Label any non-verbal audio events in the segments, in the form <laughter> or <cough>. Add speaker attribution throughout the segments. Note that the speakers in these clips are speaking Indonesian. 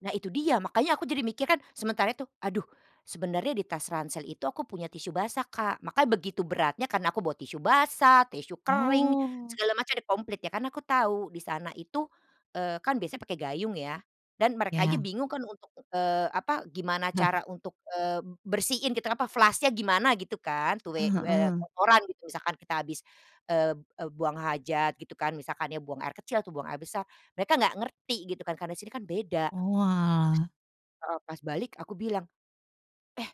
Speaker 1: Nah itu dia, makanya aku jadi mikir kan, sementara itu, aduh sebenarnya di tas ransel itu aku punya tisu basah, Kak. Makanya begitu beratnya karena aku bawa tisu basah, tisu kering
Speaker 2: Oh.
Speaker 1: segala macam komplit ya karena aku tahu di sana itu, eee, kan biasanya pakai gayung ya dan mereka aja
Speaker 2: Ya.
Speaker 1: bingung kan untuk, eee, apa gimana
Speaker 2: <chuckles>
Speaker 1: cara untuk, eee, bersihin gitu kenapa, flush-nya gimana gitu kan, tuh, eee
Speaker 2: Heeh
Speaker 1: eee,
Speaker 2: heeh.
Speaker 1: kotoran gitu, misalkan kita habis, eee eee, buang hajat gitu kan, misalkan buang air kecil atau buang air besar mereka enggak ngerti gitu kan karena sini kan beda.
Speaker 2: Oalah.
Speaker 1: Heeh, pas balik aku bilang, eh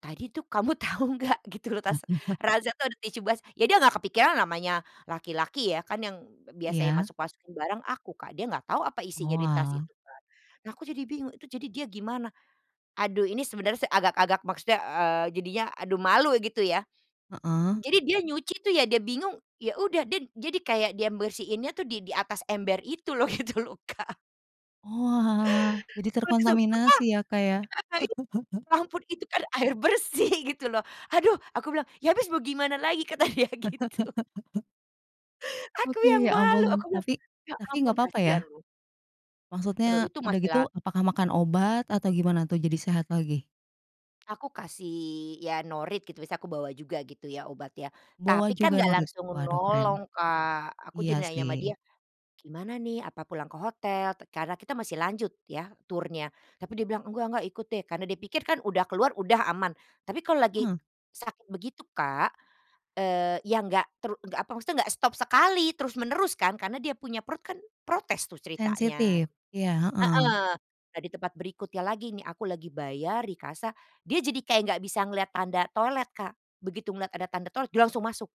Speaker 1: tadi tuh kamu tahu enggak gitu loh, tas
Speaker 2: <chuckles>
Speaker 1: ransel tuh ada tisu bas ya dia nggak kepikiran namanya laki-laki ya. Kan yang biasanya
Speaker 2: Iya.
Speaker 1: masuk-masukin barang aku Kak, dia nggak tahu apa isinya di tas
Speaker 2: Oalah.
Speaker 1: itu kan. Nah, aku jadi bingung, itu jadi dia gimana? Aduh, ini sebenarnya agak-agak, maksudnya, eee, jadinya, aduh malu gitu ya.
Speaker 2: Heeh.
Speaker 1: Jadi dia nyuci tuh ya, dia bingung, ya udah dia jadi kayak dia bersihinnya tuh di di atas ember itu loh gitu loh, Kak.
Speaker 2: Oalah, jadi terkontaminasi ya Kak ya.
Speaker 1: <unintelligible>
Speaker 2: <chuckles>
Speaker 1: Ampun itu kan air bersih gitu loh. "Aduh!" aku bilang, "Ya habis mau gimana lagi?" kata dia gitu
Speaker 2: <laughs>
Speaker 1: Aku
Speaker 2: Oke,
Speaker 1: yang
Speaker 2: ya
Speaker 1: malu.
Speaker 2: ampun.
Speaker 1: Aku bilang,
Speaker 2: Tapi
Speaker 1: "Ya
Speaker 2: tapi
Speaker 1: ampun
Speaker 2: nggak papa
Speaker 1: kasihan
Speaker 2: ya?
Speaker 1: loh." Eee,
Speaker 2: Maksudnya,
Speaker 1: itu
Speaker 2: udah
Speaker 1: masih
Speaker 2: gitu
Speaker 1: la
Speaker 2: apakah makan obat atau gimana untuk jadi sehat lagi?
Speaker 1: Aku kasih, ya norit gitu bisa aku bawa juga gitu ya obat ya.
Speaker 2: Bawa
Speaker 1: Tapi kan
Speaker 2: juga
Speaker 1: gak
Speaker 2: norit.
Speaker 1: langsung
Speaker 2: Waduh keren.
Speaker 1: menolong, Kak. Aku
Speaker 2: Iya
Speaker 1: jadi nanya sama dia,
Speaker 2: sih.
Speaker 1: "Gimana nih apa pulang ke hotel?" karena kita masih lanjut ya, turnya. Tapi dia bilang, "Enggak enggak ikut deh." Karena dia pikir kan udah keluar, udah aman. Tapi kalau lagi
Speaker 2: Heeh.
Speaker 1: sakit begitu Kak, eee, ya enggak, tru ya enggak apa, maksudnya enggak stop sekali, terus menerus kan karena dia punya perut kan protes tuh ceritanya.
Speaker 2: Sensitif?
Speaker 1: Heeh,
Speaker 2: Iya, heeh.
Speaker 1: nah di tempat berikutnya lagi nih aku lagi bayar di kasa, dia jadi kayak nggak bisa melihat tanda toilet, Kak. Begitu melihat ada tanda toilet dia langsung masuk.